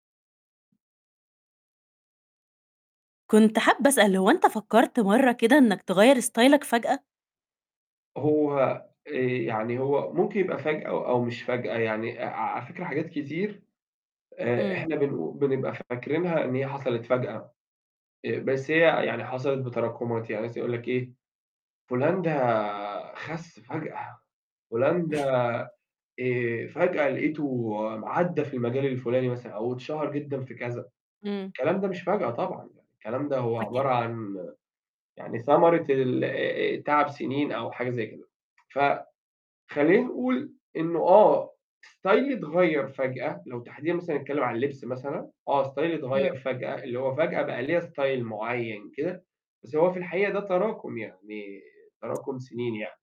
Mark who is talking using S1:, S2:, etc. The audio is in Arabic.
S1: كنت حابة أسأل هو أنت فكرت مرّة كده إنك تغيّر ستايلك فجأة؟
S2: هو آآ، يعني هو ممكن يبقى فجأة أو مش فجأة يعني ع ع على فكرة حاجات كتير آآ،
S1: امم.
S2: إحنا بنقو بنبقى فاكرينها إن هي حصلت فجأة، آآ، بس هي يعني حصلت بتراكمات يعني مثلًا يقول لك إيه، فُلان ده خس فجأة، فُلان ده آآ، فجأة لقيته م عدّى في المجال الفُلاني مثلًا أو اتشهر جدًا في كذا.
S1: امم.
S2: الكلام ده مش فجأة طبعًا يعني، الكلام ده هو
S1: أكيد.
S2: عبارة عن يعني ثمرة ال آآ آآ تعب سنين أو حاجة زي كده. فخلّينا نقول إنه آه ستايلي اتغيّر فجأة، لو تحديدًا مثلًا هنتكلم عن اللبس مثلًا، آه ستايلي اتغيّر
S1: امم.
S2: فجأة، اللي هو فجأة بقى ليّا style معيّن كده بس هو في الحقيقة ده تراكم يعني تراكم سنين يعني.